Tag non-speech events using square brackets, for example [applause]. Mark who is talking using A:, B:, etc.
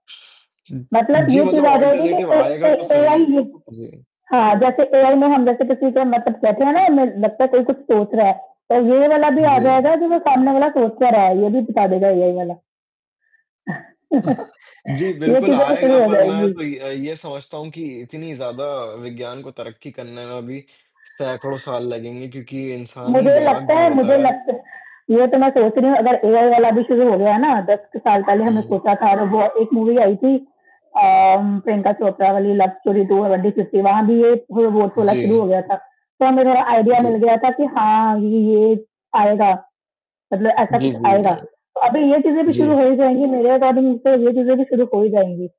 A: मतलब
B: जी,
A: ये चीज़
B: मतलब
A: आ जाएगी कि
B: अल्टरनेटिव
A: कहीं
B: आएगा तो
A: कहीं एआई
B: सही।
A: ही
B: जी।
A: हाँ, जैसे एआई में हम जैसे किसी के मतलब बैठे हैं ना लगता है कोई कुछ सोच रहा है, तो ये वाला भी
B: हाँ,
A: आ
B: जी।
A: जाएगा जो वो सामने वाला सोच तो रहा है ये भी बता देगा एआई वाला। [chuckles]
B: जी,
A: ये
B: बिल्कुल
A: चीज़ें भी
B: आएगा
A: शुरू हो
B: पर मैं
A: जाएगी।
B: तो ये अ, ये समझता हूँ कि इतनी ज़्यादा विज्ञान को तरक्की करने में अभी सैकड़ों साल लगेंगे, क्योंकि इंसानी
A: मुझे
B: दिमाग
A: लगता
B: जो
A: है
B: होता
A: मुझे
B: है
A: लगत ये तो मैं सोच रही हूँ अगर एआई वाला भी शुरू हो गया है ना, 10 साल पहले हमने
B: हुँ।
A: सोचा था वो एक मूवी आई थी अ, प्रियंका चोपड़ा वाली लव स्टोरी त्वो फिफ्टी वहाँ भी ये रोबोट
B: उ,
A: वाला
B: जी।
A: शुरू
B: हाँ।
A: हो गया था। तो हमें थोड़ा
B: उ,
A: आईडिया
B: जी।
A: मिल
B: हाँ।
A: गया था कि हाँ, ये ये आएगा, मतलब ऐसा
B: जी,
A: कुछ
B: जी,
A: आएगा।
B: जी।
A: तो अभी ये चीज़ें भी शुरू
B: जी।
A: हो ही जाएगी मेरे अकॉर्डिंग तो ये चीज़ें भी शुरू हो ही जाएँगी।